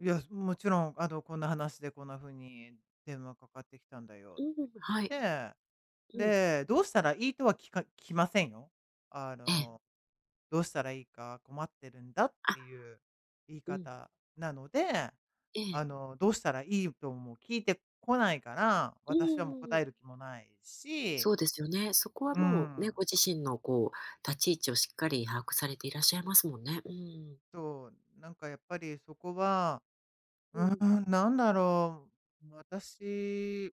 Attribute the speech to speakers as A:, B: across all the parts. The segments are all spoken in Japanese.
A: いや、すもちろんあの「こんな話でこんな風に電話かかってきたんだよ」っ
B: うう
A: て。
B: ぶはい。
A: で
B: うん。
A: で、「どうしたらいい」とは聞か聞きませんよ。あ
B: ええ。
A: の、「どうしたらいいか困ってるんだ」っ
B: あ。
A: ていう言い
B: うん。
A: 方なので、
B: ええ。
A: あの、どうしたらいいとも聞いてこないから、
B: う
A: 私はもう
B: ん、う
A: 答
B: う。
A: える気もないし
B: そうですよね。そこは
A: うー
B: もうね、
A: ん。
B: ご自身のこう、立ち位置をしっかり把握されていらっしゃいますもんね。うん。
A: そう、なんかやっぱりそこは、う
B: うん。
A: ーん、なんだろう、私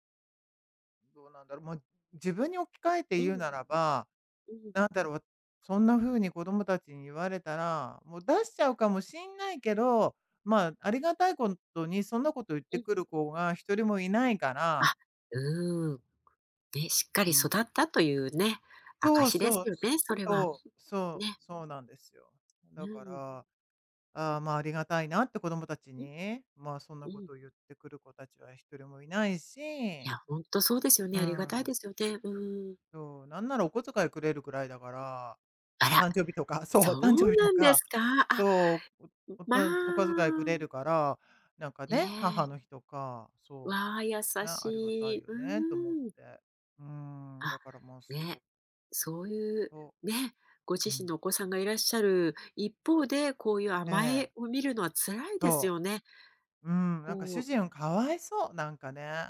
A: どうなんだろ、もい自分に置き換えて
B: う
A: 言う
B: ん。
A: ならば、
B: うん。
A: なんだろう、わそんな風に子供たちに言われたら、もう出しちゃうかもしんないけど、まあ、ありがたいこんとにそんなこと言って
B: うん。
A: くる子が1人もいないか
B: あ、
A: ら
B: うーん、くね、しっか
A: う
B: り育
A: ん。
B: ったというね、
A: そう
B: 証です
A: そう、
B: よ
A: す
B: ね、それは
A: そ
B: [unintelligible]
A: うそ
B: ね。
A: うそうなんですよ。
B: う
A: だか
B: ーん。
A: ら、ああ、まあ、ありがたいなって子供たち
B: うん。
A: に、まあ、そんな
B: う
A: こ
B: ん。
A: とを言ってくる子たちは1人もいないし、
B: いや、ほんとそうですよ
A: う
B: ね。ありがたい
A: ん。
B: ですよでうーん。
A: そう、なんならお小遣いくれるくらいだから、
B: あら、
A: 誕生日とか、
B: そ
A: そう、
B: う
A: 誕生日と
B: なんです
A: か、
B: か？あ、
A: そう、う
B: ん、ま
A: [unintelligible] お小遣いくれる
B: あ。
A: から、なんか
B: え
A: ね、母
B: え。
A: の日とか、そ
B: わ、優
A: う、ね、
B: し
A: ありがたい
B: い、
A: よ
B: う
A: ねと思っ
B: ーん。
A: て。うーん、
B: あ、
A: だからまあ、そ
B: ね、
A: う。
B: そういう、
A: と
B: ね、ご
A: う
B: 自身
A: ん。
B: のお子さんがいらっしゃる一方で、こういう
A: え
B: 甘
A: え。
B: えを見るのは辛いです
A: そ
B: よね。
A: う。うん、
B: こ
A: なんか主
B: う
A: 人はかわいそう、なんかね。